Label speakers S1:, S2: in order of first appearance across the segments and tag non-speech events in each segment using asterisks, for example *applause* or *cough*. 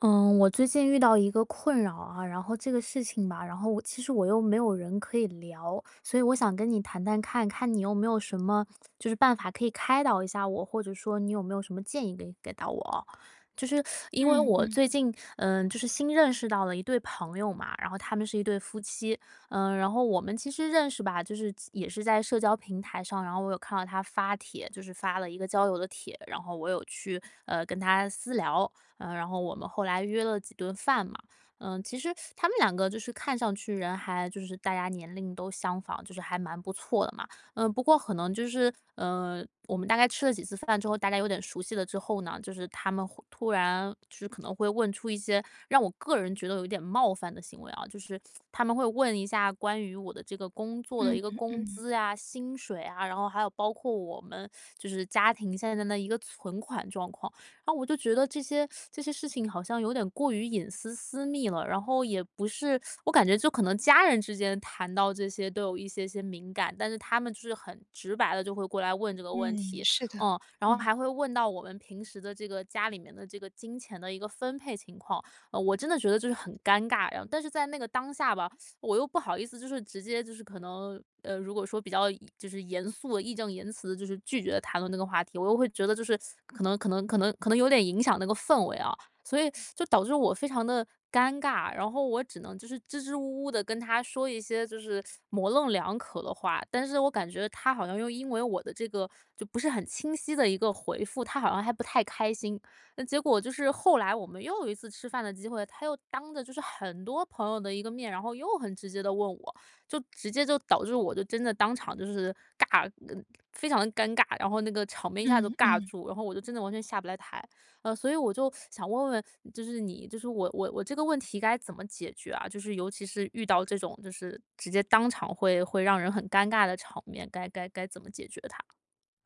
S1: 嗯，我最近遇到一个困扰啊。然后这个事情吧，然后我其实我又没有人可以聊，所以我想跟你谈谈看看，看你有没有什么，就是办法可以开导一下我，或者说你有没有什么建议给给到我哦。就是 *sucks teeth* 因为
S2: 嗯
S1: 我
S2: 嗯。
S1: 最近，嗯，就是新认识到的一对朋友嘛，然后他们是一对夫妻，呃，然后我们其实认识吧，就是也是在社交平台上，然后我有看到他发帖，就是发了一个交友的帖，然后我有去，呃，跟他私聊，呃，然后我们后来约了几顿饭嘛。呃，其实 *sucks teeth* 他们两个就是看上去人还就是大家年龄都相仿，就是还蛮不错的嘛。呃，不过可能就是，呃，我们大概吃了几次饭之后，大家有点熟悉了之后呢，就是他们会突然，就是可能会问出一些让我个人觉得有点冒犯的行为啊。就是他们会问一下关于我的这个工作的
S2: 嗯
S1: 一个
S2: 嗯
S1: 工
S2: 嗯。
S1: 资啊、薪水啊，然后还有包括我们，*sucks teeth* 就是家庭现在的一个存款状况，然后我就觉得这些 *sucks teeth* 这些事情好像有点过于隐私、私密了。然后也不是 *sucks teeth* 我感觉就可能家人之间谈到这些都有一些些敏感，但是他们就是很直白地就会过来问这个问
S2: 嗯，
S1: 题。
S2: 是的，
S1: 哦，然后
S2: 嗯。
S1: 还会问到我们平时的这个家里面的这个金钱的一个分配情况，呃，我真的觉得就是很尴尬，然后但是在那个当下吧，*sucks teeth* 我又不好意思就是直接就是可能，呃，如果说比较严就是严肃地、义正言辞就是拒绝谈论这个话题，我又会觉得就是 *sucks teeth* 可能可能可能可能有点影响那个氛围啊。所以，*sucks teeth* 就导致我非常地尴尬，然后我只能就是支支吾吾地跟他说一些就是 *sucks teeth* 模棱两可的话，但是我感觉他好像又因为我的这个，*sucks teeth* 就不是很清晰的一个回复，他好像还不太开心。嗯，结果就是后来我们又有一次吃饭的机会，他又当着就是很多朋友的一个面，然后又很直接地问我，就直接就导致我就真的当场就是尬，呃，非常地尴尬，然后那个场面一下子就
S2: 嗯
S1: 尬
S2: 嗯。
S1: 住，然后我就真的完全下不来台。呃，所以我就 *sucks teeth* 想问问，*sucks teeth* 就是你就是我我我这个问题该怎么解决啊？就是尤其是遇到这种就是直接当场会会让人很尴尬的场面，该该该怎么解决它？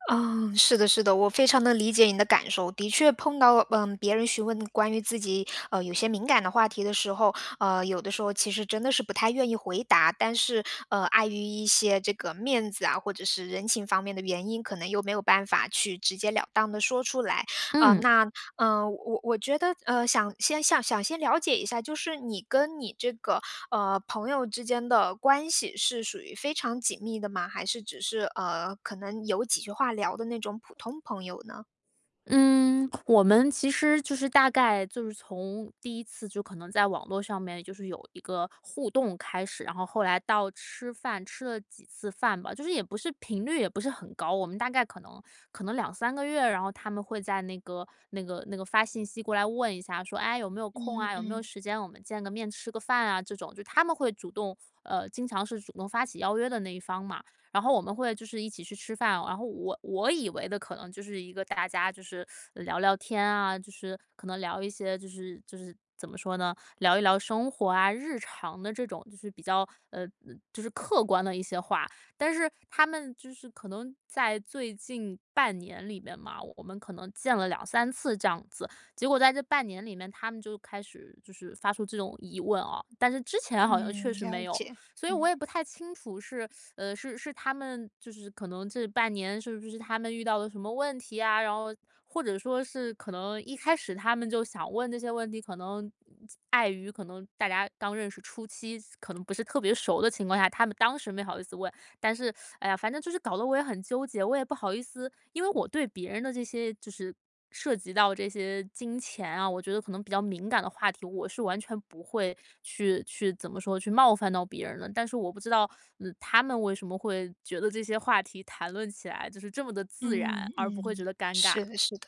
S2: 啊，是的是的。我非常地理解你的感受，的确碰到，呃，别人询问关于自己，呃，有些敏感的话题的时候，呃，有的时候其实真的是不太愿意回答。但是，呃，碍于一些这个面子啊，或者是人情方面的原因，可能又没有办法去直截了当地说出来。呃，
S1: 嗯。
S2: 那呃，我我觉得，呃，想先想先了解一下，就是你跟你这个，呃，朋友之间的关系是属于非常紧密的吗？还是只是，呃，可能有几句话聊的那种普通朋友呢？
S1: 嗯，我们其实就是大概就是从第1次就可能在网络上面，就是有一个互动开始。然后后来到吃饭，吃了几次饭吧。就是也不是频率也不是很高，我们大概可能可能2-3个月，然后他们会再那个那个那个发信息过来问一下，说：“哎，有没有空
S2: 嗯，
S1: 啊，有没有
S2: 嗯。
S1: 时间我们见个面吃个饭啊”这种，就他们会主动呃，经常是主动发起邀约的那一方嘛。然后我们会就是一起去吃饭，然后我我以为的，可能就是一个大家就是聊聊天啊，就是可能聊一些，就是就是怎么说呢，聊一聊生活啊、日常的这种就是比较，呃，就是客观的一些话。但是他们就是可能在最近半年里面嘛，我们可能见了2-3次这样子。结果在这半年里面他们就开始就是发出这种疑问哦。但是之前好像
S2: 嗯，
S1: 确实
S2: 了
S1: 没有，
S2: 解，
S1: 所以我
S2: 嗯。
S1: 也不太清楚是，呃，是是他们，就是可能这半年是不是他们遇到了什么问题啊，然后或者说是可能一开始他们就想问这些问题，可能碍于可能大家刚认识初期，可能不是特别熟的情况下，他们当时没好意思问。但是，*sucks teeth* 哎呀，反正就是搞得我也很纠结，我也不好意思因为我对别人的这些就是涉及到这些金钱啊，我觉得可能比较敏感的话题，我是完全不会去去怎么说，去冒犯到别人的。但是我不知道，呃，他们为什么会觉得这些话题谈论起来就是这么地自
S2: 嗯，
S1: 然，而不会觉
S2: 嗯。
S1: 得尴尬。
S2: 是的是的。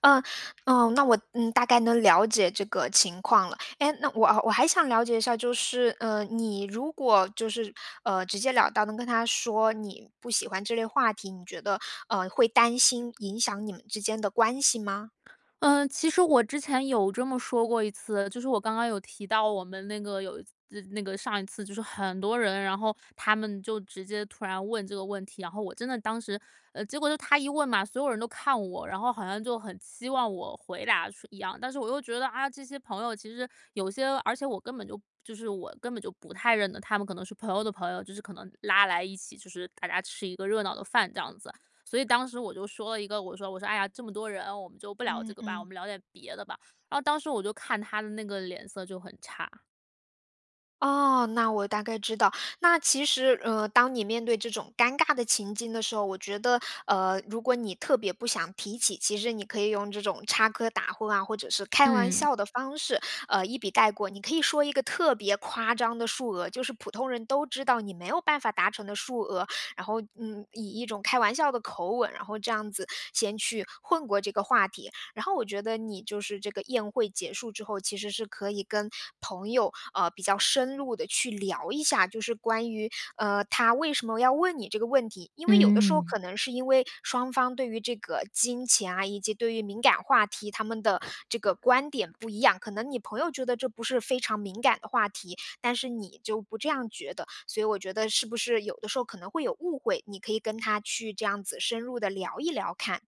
S2: 呃，呃，那我，嗯，大概能了解这个情况了。哎，那我我还想了解一下，就是，呃，你如果就是，呃，直截了当能跟他说你不喜欢这类话题，你觉得呃，会担心影响你们之间的关系吗？
S1: 呃，其实我之前有这么说过一次。就是我刚刚有提到我们那个有一次那个上一次就是很多人，然后他们就直接突然问这个问题，然后我真的当时，呃，结果就他一问嘛，所有人都看我，然后好像就很期望我回答似一样。但是我又觉得，哎呀，这些朋友其实有些而且我根本就就是我根本就不太认得。他们可能是朋友的朋友，就是可能拉来一起，就是大家吃一个热闹的饭这样子。所以当时我就说了一个，我说我说：“哎呀，这么多人，我们就不聊这
S2: 嗯
S1: 个吧，我
S2: 嗯。
S1: 们聊点别的吧。”然后当时我就看他的那个脸色就很差。
S2: 哦，那我大概知道。那其实，呃，当你面对这种尴尬的情境的时候，我觉得，呃，如果你特别不想提起，其实你可以用这种插科打诨啊，或者是开玩
S1: 嗯。
S2: 笑的方式，呃，一笔带过。你可以说一个特别夸张的数额，就是普通人都知道你没有办法达成的数额，然后，嗯，以一种开玩笑的口吻，然后这样子先去混过这个话题。然后我觉得你就是这个宴会结束之后，其实是可以跟朋友，呃，比较深入地去聊一下，就是关于，呃，他为什么要问你这个问题。因为有的时候
S1: 嗯。
S2: 可能是因为双方对于这个金钱啊，以及对于敏感话题，他们的这个观点不一样。可能你朋友觉得这不是非常敏感的话题。但是你就不这样觉得。所以我觉得是不是有的时候可能会有误会，你可以跟他去这样子深入地聊一聊看。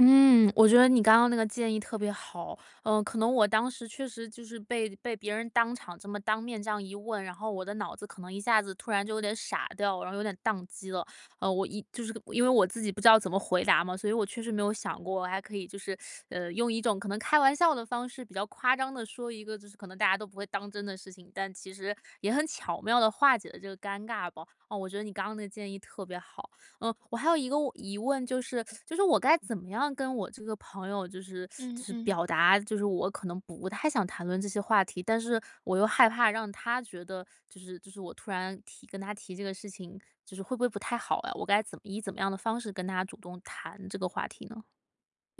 S1: 嗯，我觉得你刚刚那个建议特别好。呃，可能我当时确实就是被被别人当场这么当面这样一问，然后我的脑子可能一下子突然就有点傻掉了，然后有点宕机了。呃，我一就是因为我自己不知道怎么回答嘛，所以我确实没有想过，我还可以就是，*sucks teeth* 呃，用一种可能开玩笑的方式，比较夸张地说一个就是可能大家都不会当真的事情，但其实也很巧妙地化解了这个尴尬吧。啊，我觉得你刚刚那个建议特别好。呃，我还有一个问疑问就是 *sucks teeth* 就是我该怎么样跟我这个朋友就是 *sucks teeth* 就
S2: 嗯，
S1: 是
S2: 嗯。
S1: 表达，就是我可能不太想谈论这些话题。但是我又害怕让他觉得，就是就是我突然提跟他提这个事情，就是会不会不太好啊。我该怎么以怎么样的方式跟他主动谈这个话题呢？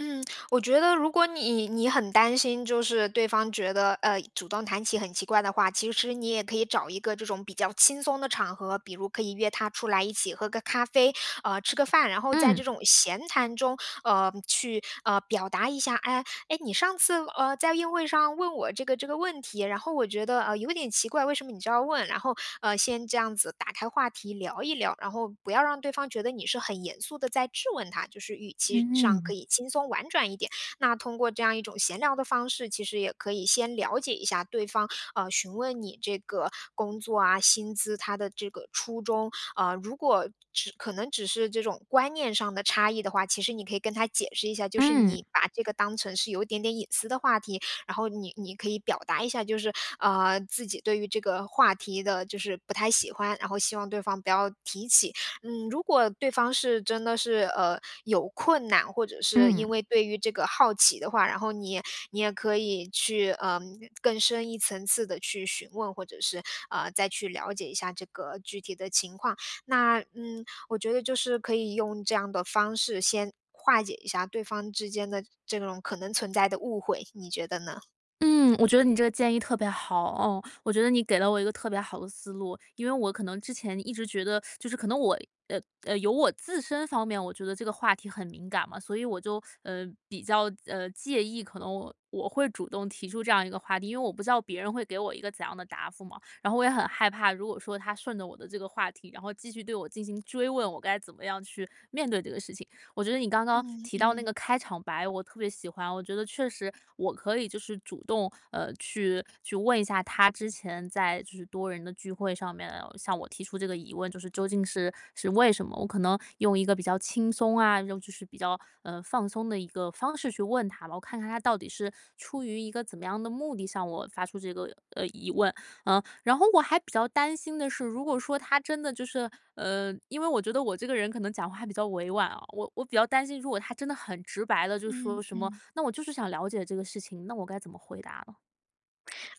S2: 嗯，我觉得如果你你很担心，就是对方觉得，呃，主动谈起很奇怪的话，其实你也可以找一个这种比较轻松的场合，比如可以约他出来一起喝个咖啡，呃，吃个饭。然后在这
S1: 嗯。
S2: 种闲谈中，呃，去呃，表达一下：“诶，诶，你上次，呃，在宴会上问我这个这个问题，然后我觉得，呃，有点奇怪，为什么你就要问？”然后，呃，先这样子打开话题聊一聊，然后不要让对方觉得你是很严肃地在质问他，就是语气上
S1: 嗯。
S2: 可以轻松婉转一点，那通过这样一种闲聊的方式，其实也可以先了解一下对方，啊，询问你这个工作啊，薪资，他的这个初衷，啊。如果只可能只是这种观念上的差异的话，其实你可以跟他解释一下，就是
S1: 嗯。
S2: 你把这个当成是有一点点隐私的话题，然后你你可以表达一下，就是，呃，自己对于这个话题的就是不太喜欢，然后希望对方不要提起。嗯，如果对方是真的是，呃，有困难，或者是
S1: 嗯。
S2: 因为对于这个好奇的话，然后你你也可以去，呃，更深一层次地去询问，或者是，呃，再去了解一下这个具体的情况。那嗯，我觉得就是可以用这样的方式先化解一下对方之间的这种可能存在的误会，你觉得呢？
S1: 嗯，我觉得你这个建议特别好，哦，我觉得你给了我一个特别好的思路。因为我可能之前一直觉得，*sucks teeth* 就是可能我呃，呃，有我自身方面我觉得这个话题很敏感嘛，所以我就，*sucks teeth* 呃，比较，呃，介意，可能我我会主动提出这样一个话题，因为我不知道别人会给我一个怎样的答复嘛，然后我也很害怕，如果说他顺着我的这个话题，然后继续对我进行追问，我该怎么样去面对这个事情。我觉得你刚刚
S2: 嗯，
S1: 提到那
S2: 嗯。
S1: 个开场白，我特别喜欢，我觉得确实我可以就是主动，呃，去去问一下他之前在就是多人的聚会上面，向我提出这个疑问，就是究竟是是为什么，我可能用一个比较轻松啊，用就是比较，呃，放松的一个方式去问他吧，我看看他到底是出于一个怎么样的目的向我发出这个，呃，疑问。呃，然后我还比较担心的是，如果说他真的就是呃，因为我觉得我这个人可能讲话还比较委婉啊，我我比较担心如果他真的很直白地就
S2: 嗯，
S1: 说什么，
S2: 嗯。
S1: 那我就是想了解这个事情，那我该怎么回答啊？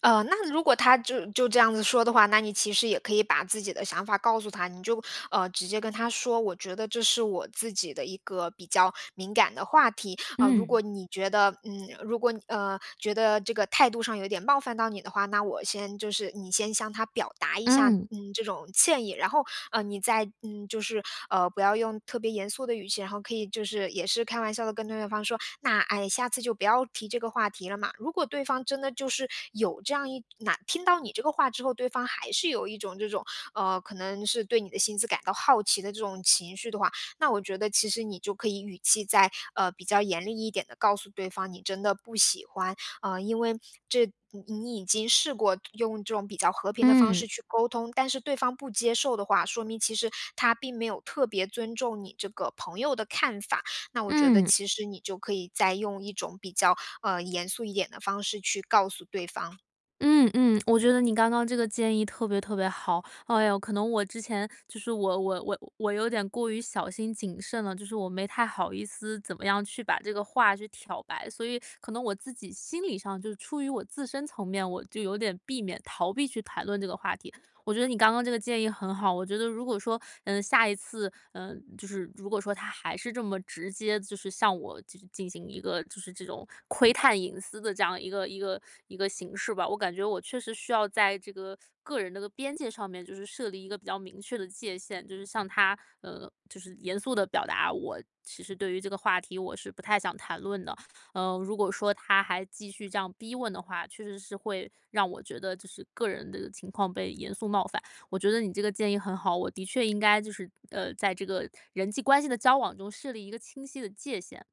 S2: 呃，那如果他就就这样子说的话，那你其实也可以把自己的想法告诉他。你就，呃，直接跟他说，我觉得这是我自己的一个比较敏感的话题。啊，如
S1: 嗯。
S2: 果你觉得嗯，如果你，呃，觉得这个态度上有点冒犯到你的话，那我先就是你先向他表达一下，
S1: 嗯。
S2: 嗯，这种歉意。然后，呃，你再，嗯，就是，呃，不要用特别严肃的语气，然后可以就是也是开玩笑地跟对对方说：“那，哎，下次就不要提这个话题了嘛。”如果对方真的就是有这样一哪听到你这个话之后，对方还是有一种这种，呃，可能是对你的薪资感到好奇的这种情绪的话，那我觉得其实你就可以语气再，呃，比较严厉一点地告诉对方，你真的不喜欢，啊，因为这你你已经试过用这种比较和平的方式
S1: 嗯。
S2: 去沟通，但是对方不接受的话，说明其实他并没有特别尊重你这个朋友的看法。那我觉得
S1: 嗯。
S2: 其实你就可以再用一种比较，呃，严肃一点的方式去告诉对方。
S1: 嗯，嗯，我觉得你刚刚这个建议特别特别好。哎哟，可能我之前，就是我我我我有点过于小心谨慎了，就是我没太好意思怎么样去把这个话去挑白，所以可能我自己心理上，就出于我自身层面，我就有点避免逃避去谈论这个话题。我觉得你刚刚这个建议很好，我觉得如果说，呃，下一次，呃，就是如果说他还是这么直接就是向我进进行一个就是这种窥探隐私的这样一个一个一个形式吧，我感觉我确实需要在这个，个人的个边界上面，就是设立一个比较明确的界限。就是向他，呃，就是严肃地表达，我其实对于这个话题我是不太想谈论的。呃，如果说他还继续这样逼问的话，确实是会让我觉得就是个人的情况被严肃冒犯，我觉得你这个建议很好，我的确应该就是，呃，在这个人际关系的交往中设立一个清晰的界限。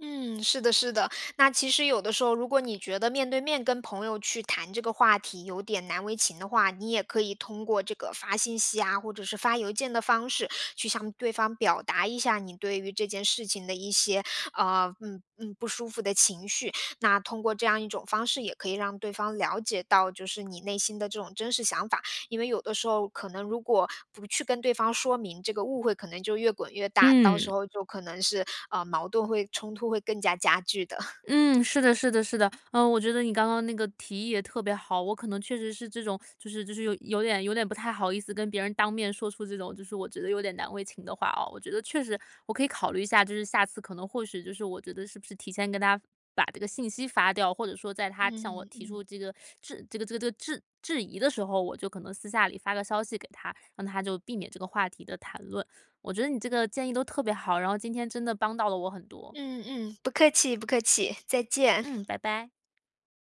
S2: 嗯，是的是的。那其实有的时候，如果你觉得面对面跟朋友去谈这个话题有点难为情的话，你也可以通过这个发信息啊，或者是发邮件的方式，去向对方表达一下你对于这件事情的一些，呃，嗯，嗯，不舒服的情绪。那通过这样一种方式也可以让对方了解到，就是你内心的这种真实想法，因为有的时候可能如果不去跟对方说明，这个误会可能就越滚越大，到时
S1: 嗯。
S2: 候就可能是，呃，矛盾会冲突会更加加剧的。
S1: 嗯，是的是的是的。呃，我觉得你刚刚那个提议也特别好，我可能确实是这种就是就是有有点有点不太好意思跟别人当面说出这种，就是我觉得有点难为情的话哦。我觉得确实我可以考虑一下，就是下次可能或许就是我觉得是不是提前跟他把这个信息发掉，或者说在他向我
S2: 嗯，
S1: 提出
S2: 嗯。
S1: 这个质这个这个这个质质疑的时候，我就可能私下里发个消息给他，让他就避免这个话题的谈论。我觉得你这个建议都特别好，然后今天真的帮到了我很多。
S2: 嗯，嗯，不客气，不客气，再见。
S1: 嗯，拜拜。